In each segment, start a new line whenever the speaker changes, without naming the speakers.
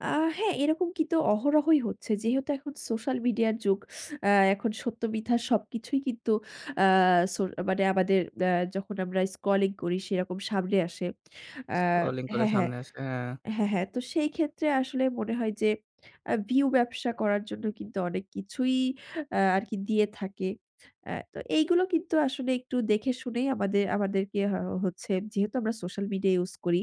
আ হ্যাঁ, এরকম কিন্তু অহরহই হচ্ছে। যেহেতু এখন সোশ্যাল মিডিয়ার যুগ আ এখন সত্য মিথ্যা সবকিছুই কিন্তু আ সো মানে আমাদের অ্যা যখন আমরা স্কলিং করি সেরকম সামনে আসে। অ্যা
স্ক্রলিং করে
হ্যাঁ, হ্যাঁ।
সামনে আসে। হ্যাঁ।
হ্যাঁ, হ্যাঁ তো সেই ক্ষেত্রে আসলে মনে হয় যে আ ভিউ ব্যবসা করার জন্য কিন্তু অনেক কিছুই আ আরকি দিয়ে থাকে। আ তো এইগুলো কিন্তু আসলে একটু দেখেশুনেই আমাদের, আমাদেরকে হ হচ্ছে যেহেতু আমরা সোশ্যাল মিডিয়া ইউস করি।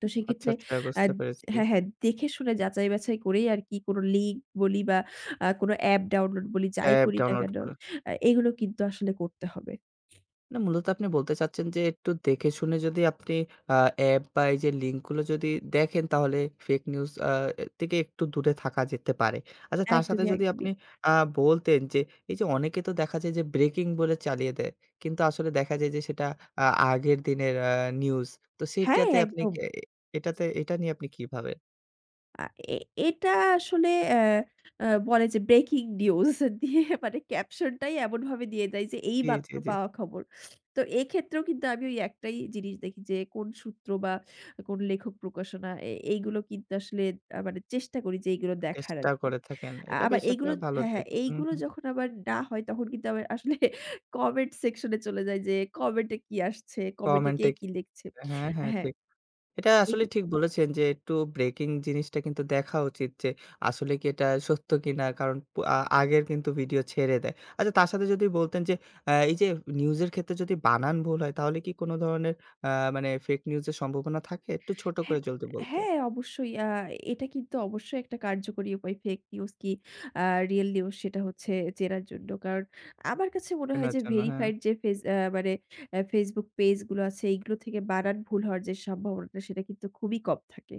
তো
আচ্ছা,
সেক্ষেত্রে
আচ্ছা, বুঝতে
আদ
পেরেছি।
হ্যাঁ, হ্যাঁ দেখে শুনে যাচাই-বাছাই করেই আরকি কোন লিঙ্ক বলি বা আ কোন অ্যাপ ডাউনলোড বলি যাই
অ্যাপ
করি না
ডাউনলোড
কেন
করে।
আ এগুলো কিন্তু আসলে করতে হবে।
না মূলত আপনি বলতে চাচ্ছেন যে একটু দেখে শুনে যদি আপনি আ অ্যাপ বা এই যে লিঙ্ক গুলো যদি দেখেন তাহলে ফেক নিউজ আ অ্যা থেকে একটু দূরে থাকা যেতে পারে। আচ্ছা তার সাথে
একদমই,
যদি
একদমই।
আপনি আ বলতেন যে এই যে অনেকে তো দেখা যায় যে ব্রেকিং বলে চালিয়ে দেয়। কিন্তু আসলে দেখা যায় যে সেটা আ আগের দিনের আ নিউজ। তো
হ্যাঁ,
সেটাতে আপনি
একদম।
অ্যা এটাতে এটা নিয়ে আপনি কিভাবেন?
আ এ, এটা আসলে এ এ বলে যে ব্রেকিং নিউজ দিয়ে মানে ক্যাপশনটাই এমনভাবে দিয়ে দেয় যে এই
জি, জি,
মাত্র
জি।
পাওয়া খবর। তো এক্ষেত্রেও কিন্তু আমি ওই একটাই জিনিস দেখি যে কোন সূত্র বা কোন লেখক প্রকাশনা এ এইগুলো কিন্তু আসলে আ মানে চেষ্টা করি যে এইগুলো দেখার
চেষ্টা
আরকি।
করে থাকেন।
আ
এটা
আবার
বেশ
এইগুল
একটা ভালো
হ্যাঁ, হ্যাঁ
দিক।
এইগুলো
উহু।
যখন আবার না হয় তখন কিন্তু আবার আসলে কমেন্ট সেকশন এ চলে যাই যে, কমেন্টে কি আসছে, কমেন্টে কে
কমেন্টে
কি লিখছে?
হ্যাঁ, হ্যাঁ,
হ্যাঁ।
ঠিক। এটা আসলে
এইগু
ঠিক বলেছেন, যে একটু ব্রেকিং জিনিসটা কিন্তু দেখা উচিত যে আসলে কি এটা সত্য কিনা? কারণ প আ আগের কিন্তু ভিডিও ছেড়ে দেয়। আচ্ছা তার সাথে যদি বলতেন যে আ এই যে নিউজ এর ক্ষেত্রে যদি বানান ভুল হয় তাহলে কি কোন ধরনের আ মানে ফেক নিউজ এর সম্ভাবনা থাকে? একটু ছোট করে
হ্যাঁ,
যলদি বলতেন।
হ্যাঁ অবশ্যই। আ এটা কিন্তু অবশ্যই একটা কার্যকরী উপায় ফেক নিউজ কি আ রিয়াল নিউজ সেটা হচ্ছে চেনার জন্য। কারণ আমার কাছে মনে হয়
চেনার
যে
জন্য, হ্যাঁ।
ভেরিফাইড যে ফেজ অ্যা মানে অ্যা Facebook পেইজ গুলো আছে এগুলো থেকে বানান ভুল হওয়ার যে সম্ভাবনাটা সেটা কিন্তু খুবই কম থাকে।